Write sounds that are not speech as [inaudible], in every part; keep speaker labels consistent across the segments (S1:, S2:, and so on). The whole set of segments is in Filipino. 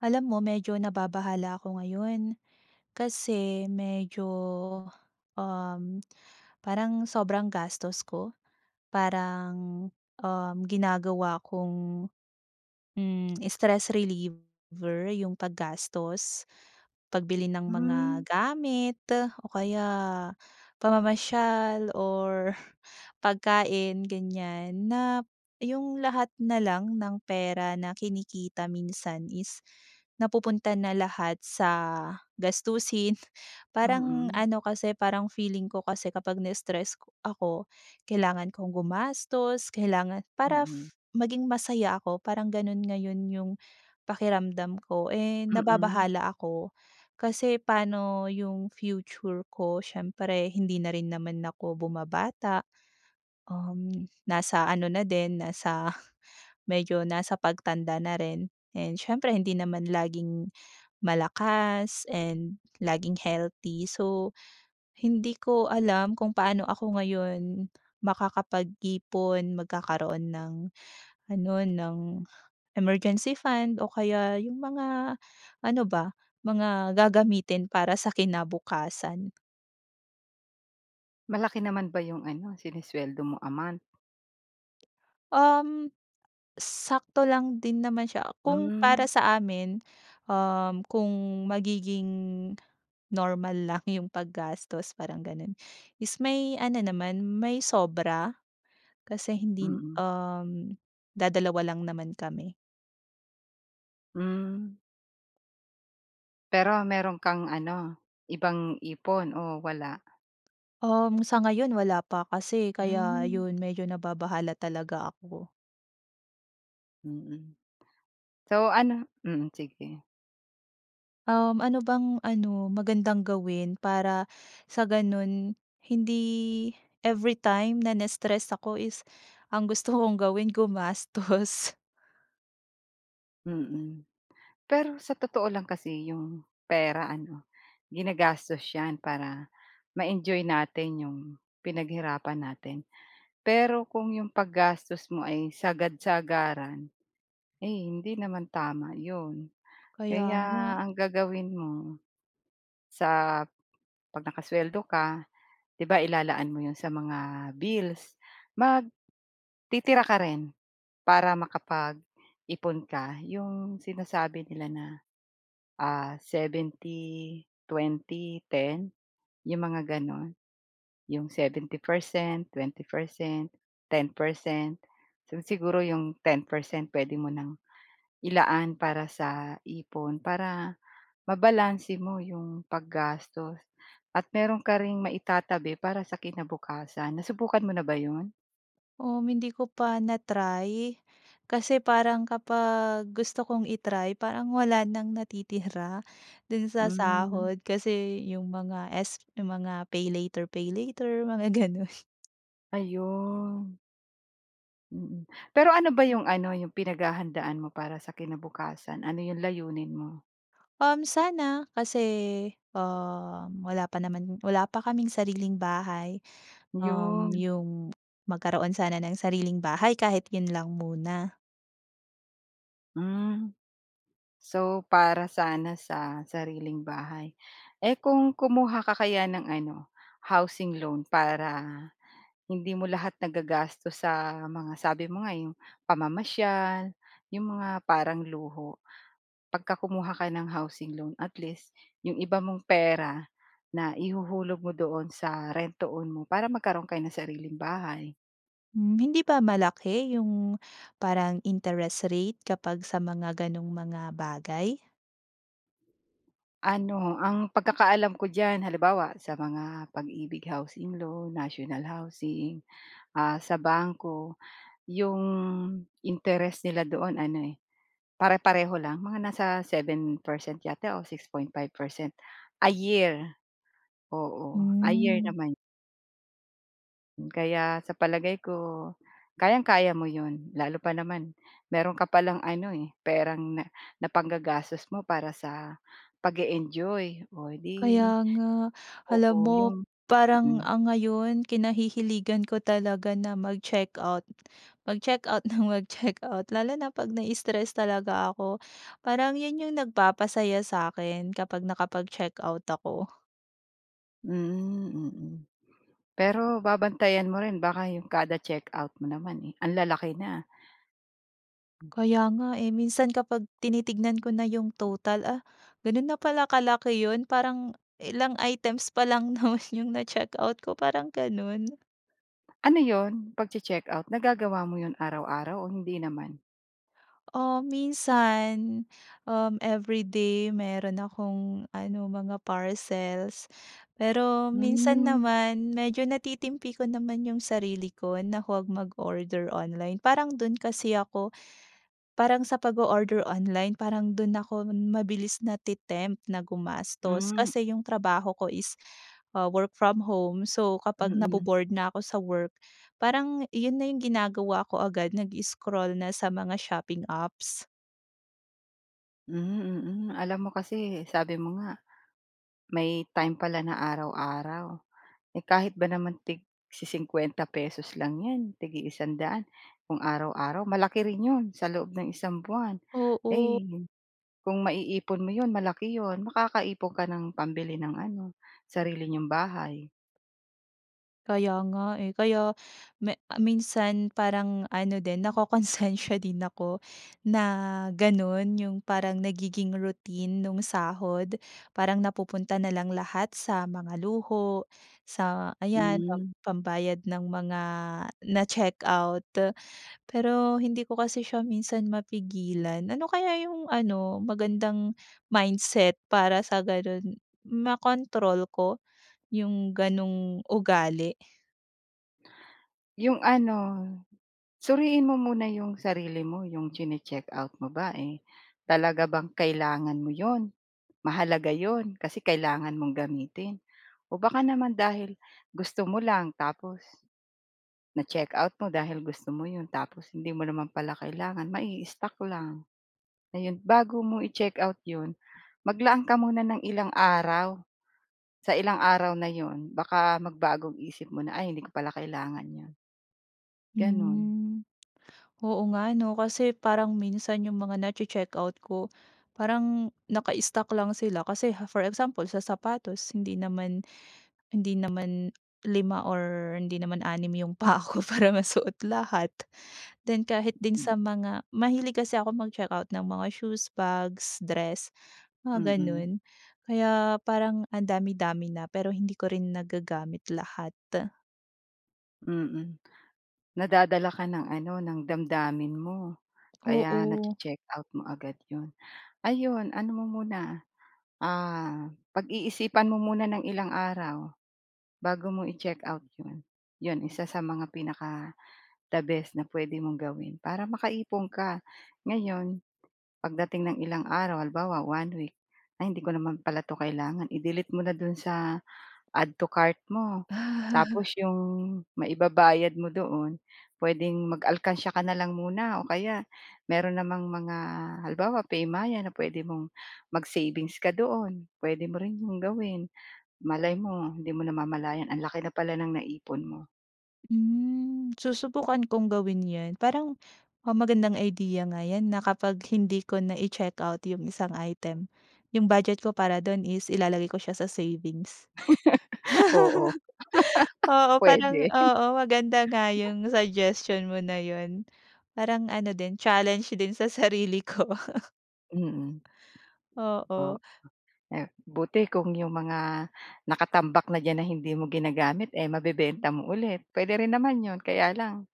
S1: Alam mo medyo nababahala ako ngayon, kasi medyo, um, [clicks tongue] parang sobrang gastos ko. Parang, um, ginagawa kong, hmm, stress reliever 'yung paggastos, pagbili ng mga
S2: Hmm.
S1: gamit o kaya pamamasyal or pagkain ganyan. Na 'yung lahat na lang ng pera na kinikita minsan is napupunta na lahat sa gastusin. Parang
S2: Mm.
S1: ano kasi, parang feeling ko kasi kapag na-stress ako, kailangan kong gumastos, kailangan para
S2: Mm.
S1: maging masaya ako parang ganun ngayon 'yung pakiramdam ko, eh,
S2: Mm.
S1: nababahala ako kasi paano 'yung future ko, siyempre, hindi na rin naman ako bumabata. Um, nasa ano na din nasa medyo nasa pagtanda na rin, and siyempre hindi naman laging malakas and laging healthy. So, hindi ko alam kung paano ako ngayon makakapag-ipon, magkakaroon ng ano, ng emergency fund o kaya 'yung mga ano ba, mga gagamitin para sa kinabukasan.
S2: Malaki naman ba 'yong ano, sinusweldo mo a month?
S1: Um. Sakto lang din naman siya. Kung
S2: Mm.
S1: para sa amin, um, kung magiging, normal lang 'yong paggastos parang ganun, is may ano naman, may sobra, kasi hindi,
S2: Mm.
S1: um, dadalawa lang naman kami.
S2: Hmm. Pero meron kang ano, ibang ipon o wala?
S1: Um, sa ngayon wala pa kasi, kaya
S2: Hmm.
S1: 'yun medyo nababahala talaga ako.
S2: Mm. So ano mm sige.
S1: Um, ano bang ano, magandang gawin? Para sa ganun hindi, everytime na nas-stress ako is, ang gusto kong gawin gumastos.
S2: Mm. Pero sa totoo lang kasi 'yong pera ano, ginagastos 'yan para, ma-enjoy natin 'yong pinaghirapan natin. Pero kung 'yong paggastos mo ay sagad-sagaran, ay hindi naman tama 'yon,
S1: Kaya
S2: kaya
S1: nga.
S2: ang gagawin mo, sa 'pag nakasweldo ka, 'di ba ilalaan mo 'yun sa mga bills, magtitira ka rin para makapag-ipon ka, 'yong sinasabi nila na. Ah, 70, 20, 10, yung mga ganun. 'Yong 70%, 20%, 10%. So, siguro 'yong 10% puwede mo ng ilaan para sa ipon para mabalanse mo 'yong paggastos, at meron ka ring maitatabi para sa kinabukasan. Nasubukan mo na ba 'yon?
S1: Um, hindi ko pa na-try. Kasi parang kapag gusto kong i-try parang wala ng natitira, do'n sa
S2: Hmm.
S1: sahod. Kasi, 'yong mga s 'yong mga PayLater-PayLater mga gano'n.
S2: Ayun. Mm. Pero, ano ba 'yong ano, 'yong pinaghahandaan mo para sa kinabukasan? Ano 'yong layunin mo?
S1: Um, sana kasi, um, wala pa naman wala pa kaming sariling bahay. Um,
S2: 'Yon.
S1: 'yong magkaroon sana ng sariling bahay, kahit 'yon lang muna.
S2: Hmm. So, para sana sa sariling bahay. Eh, kung kumuha ka kaya ng ano, housing loan para hindi mo lahat nagagastos sa mga sabi mo nga, 'yong pamamasyal, 'yong mga parang luho. Pagka kumuha ka ng housing loan, at least 'yong iba mong pera naihuhulog mo doon sa rent to own mo para magkaroon kayo ng sariling bahay.
S1: Hmm. Hindi ba malaki 'yong, parang interest rate kapag sa mga gano'ng mga bagay?
S2: Ano, ang pagkakaalam ko diyan, halimbawa, sa mga Pag-IBIG Housing Loan, national housing, ah, sa bangko, 'yong interest nila doon ano eh, pare-pareho lang, mga nasa 7% yata o 6.5% a year. Oo, a year
S1: Hmm.
S2: naman. Hmm, kaya sa palagay ko, kayang-kaya mo 'yon, lalo pa naman, meron ka palang ano eh, perang na napanggagastos mo para sa pag-e-enjoy oh, 'di,
S1: Kaya nga. Alam
S2: oo,
S1: mo,
S2: yung
S1: parang,
S2: mm.
S1: ah, ngayon kinahihiligan ko talaga na mag-checkout, mag-check out nang mag-check out, lalo na pag nai-stress talaga ako. Parang 'yon yung nagpapasaya sa'kin, kapag nakapag-check out ako.
S2: Hmm, mm. Pero babantayan mo rin baka 'yong kada check-out mo naman eh, anlalaki na. Hmm.
S1: Kaya nga eh, minsan kapag tinitignan ko na yung total, ah, gano'n na pala kalaki 'yon, parang ilang items pa lang naman yung na-check out ko, parang gano'n.
S2: Ano 'yun? Pagche-check out, nagagawa mo 'yun araw-araw o hindi naman?
S1: Um, minsan, um, everyday meron akong ano, mga parcels. Pero minsan
S2: Hmm.
S1: naman medyo natitimpi ko naman 'yung sarili ko na huwag mag-order online, parang dun kasi ako parang sa pag-o-order online parang dun ako mabilis nate-tempt na gumastos.
S2: Hmm.
S1: Kasi 'yung trabaho ko is, ah, work from home, so kapag
S2: Mm.
S1: nabo-bored na ako sa work, parang 'yun na 'yung ginagawa ko agad nag-i-scroll na sa mga shopping apps.
S2: Hmm, mm. Alam mo kasi sabi mo nga may time pala na araw-araw. Eh, kahit ba naman tig-si 50 pesos lang 'yan, tig-i 100 daan, kung araw-araw malaki rin 'yon sa loob ng isang buwan.
S1: Oo.
S2: Ay, kung maiipon mo 'yon malaki 'yon makakaipon ka ng pambili ng ano sarili n'yong bahay.
S1: Kaya nga, eh. Kaya me minsan parang ano din nakokonsensiya din ako na ganu'n 'yung parang nagiging routine nung sahod. Parang napupunta na lang lahat sa mga luho, sa ayan pam
S2: Mm.
S1: pambayad ng mga na-check out. Pero hindi ko kasi siya minsan mapigilan. Ano kaya 'yung ano magandang mindset, para sa ganun makontrol ko 'yung ganong ugali?
S2: 'Yong ano, suriin mo muna 'yong sarili mo. 'Yong tsini-check-out mo ba eh, talaga bang kailangan mo 'yon? Mahalaga 'yon kasi kailangan mong gamitin o baka naman dahil gusto mo lang tapos na-check-out mo dahil gusto mo 'yon, tapos hindi mo naman pala kailangan mai-stock lang, ayon. Bago mo i-check-out 'yon, maglaan ka muna ng ilang araw, sa ilang araw na 'yon baka magbago isip mo na, "Ay hindi ko pala kailangan 'yon." Ganun.
S1: Hmm, Oo nga 'no, kasi parang minsan 'yung mga nache-check-out ko parang naka-stock lang sila. Kasi for example sa sapatos, hindi naman hindi naman 5 or hindi naman 6 'yong paa ko para masuot lahat. Then kahit din
S2: Hmm.
S1: sa mga, mahilig kasi ako mag-check-out ng mga shoes, bags, dress, mga
S2: Mm.
S1: gano'n. Kaya parang ang dami-dami na, pero hindi ko rin nagagamit lahat.
S2: Mm. Nadadala ka ng ano, ng damdamin mo. Kaya
S1: Oo.
S2: nache-check-out mo agad 'yon. Ayon ano mo muna, ah, pag-iisipan mo muna ng ilang araw bago mo i-check-out 'yon. 'Yon isa sa mga pinaka the best na puwede mong gawin, para maka-ipon ka. Ngayon pagdating ng ilang araw halimbawa 1 week, ay hindi ko naman pala 'to kailangan, i-delete mo na do'n sa add to cart mo. Tapos 'yong maibabayad mo doon, puwedeng mag-alkansya ka na lang muna o kaya mayro'n namang mga halimbawa PayMaya na puwede mong mag-savings ka doon, puwede mo rin 'yong gawin. Malay mo hindi mo namamalayan ang laki na pala ng na-ipon mo.
S1: Hmm, susubukan kong gawin yan. Parang um, magandang idea nga yan na kapag hindi ko na i-checkout yung isang item, yung budget ko para dun is ilalagay ko siya sa savings.
S2: [chuckles] Oo.
S1: [chuckles]
S2: [laughs]
S1: Oo parang,
S2: Pwede. [chuckles]
S1: oo maganda nga yung suggestion mo na yun, parang ano din, challenge din sa sarili ko. [chuckles]
S2: Mm. Oo,
S1: Oo.
S2: eh buti kung 'yong mga nakatambak na diyan na hindi mo ginagamit eh mabebenta mo ulit, pwede rin naman 'yon, kaya lang,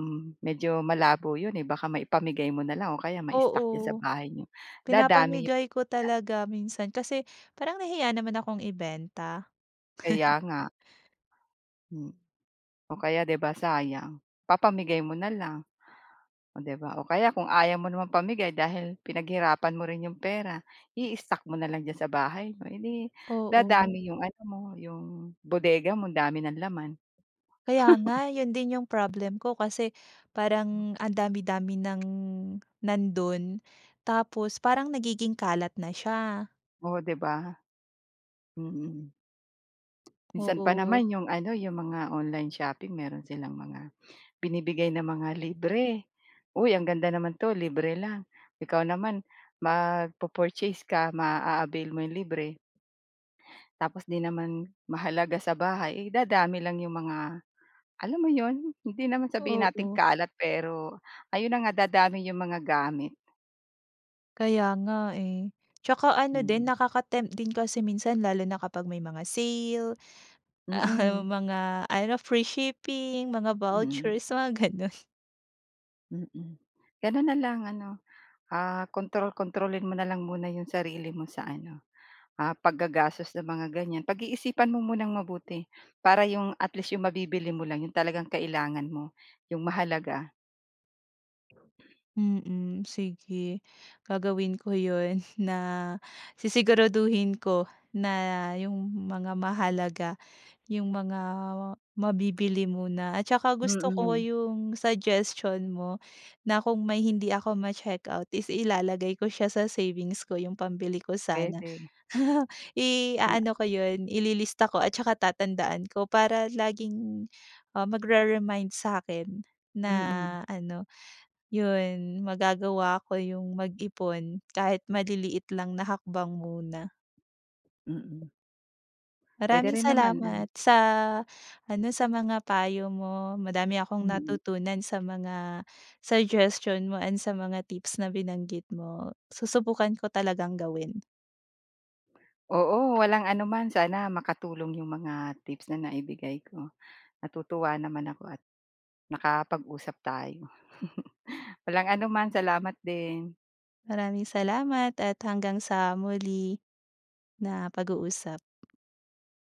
S2: hmm medyo malabo 'yon eh, baka maipamigay mo na lang o kaya ma-stock sa
S1: Oo,
S2: bahay niyo, dadami 'yong
S1: pinapamigay ko
S2: ga
S1: talaga minsan kasi parang nahiya naman akong ibenta. [chuckles]
S2: Kaya nga. Hmm o kaya 'di ba sayang, papamigay mo na lang. Oh 'di ba o kaya kung ayaw mo namang pamigay dahil pinaghirapan mo rin 'yong pera, i-stock mo na lang diyan sa bahay mo, eh dim
S1: Oo.
S2: dadami iyong ano mo, 'yong bodega mo ang dami ng laman.
S1: Kaya
S2: [chuckles]
S1: nga, yun din yung problem ko kasi,
S2: Hm
S1: parang ang dami-dami ng nandun. Tapos parang nagiging kalat na siya.
S2: Oh 'di ba? Mm. Minsan pa
S1: Oo.
S2: naman 'yong ano, 'yong mga online shopping meron silang mga binibigay na mga libre. Uy ang ganda naman 'to libre lang, ikaw naman mag-po-purchase ka ma-a-avail mo iyong libre tapos hindi naman mahalaga sa bahay, eh, dadami lang yung mga, alam mo yun? Hindi naman sabihin nating
S1: Oo.
S2: kalat pero ayun na nga dadami yung mga gamit.
S1: Kaya nga eh. Tsaka ano din
S2: Mm.
S1: nakaka-tempt din kasi minsan lalo na kapag may mga sale, ah,
S2: Mm.
S1: mga ano free shipping, mga
S2: Mm.
S1: vouchers, mga gano'n.
S2: Mm, gano'n na lang ano, ah, kontrol-kontrolin mo na lang muna 'yong sarili mo sa ano, ah, paggagastos sa mga ganyan. Pag-iisipan mo munang mabuti, para 'yong, at least, 'yong mabibili mo lang 'yong talagang kailangan mo, 'yong mahalaga.
S1: Mm, sige. Gagawin ko 'yon, na sisiguraduhin ko, na 'yong mga mahalaga 'yong mga mabibili muna at tsaka gusto ko
S2: Mm.
S1: 'yong suggestion mo, na kung may hindi ako ma-check out is ilalagay ko siya sa savings ko 'yong pambili ko sana.
S2: Puwede.
S1: [chuckles]
S2: O nga.
S1: I-a-ano ko 'yon, ililista ko at tsaka tatandaan ko, para laging, ah, magre-remind sa'kin, na
S2: Mm.
S1: ano, 'yon magagawa ko 'yong mag-ipon kahit maliliit lang na hakbang muna.
S2: Mm. Puwede
S1: Maraming
S2: rin naman, ano.
S1: salamat sa ano, sa mga payo mo, madami akong
S2: Mm.
S1: natutunan sa mga suggestion mo and sa mga tips na binanggit mo, susubukan ko talagang gawin.
S2: Oo, walang anuman, sana makatulong 'yong mga tips na naibigay ko. Natutuwa naman ako at, nakapag-usap tayo. [chuckles] Walang anuman salamat din.
S1: Maraming salamat at hanggang sa muli, na pag-uusap.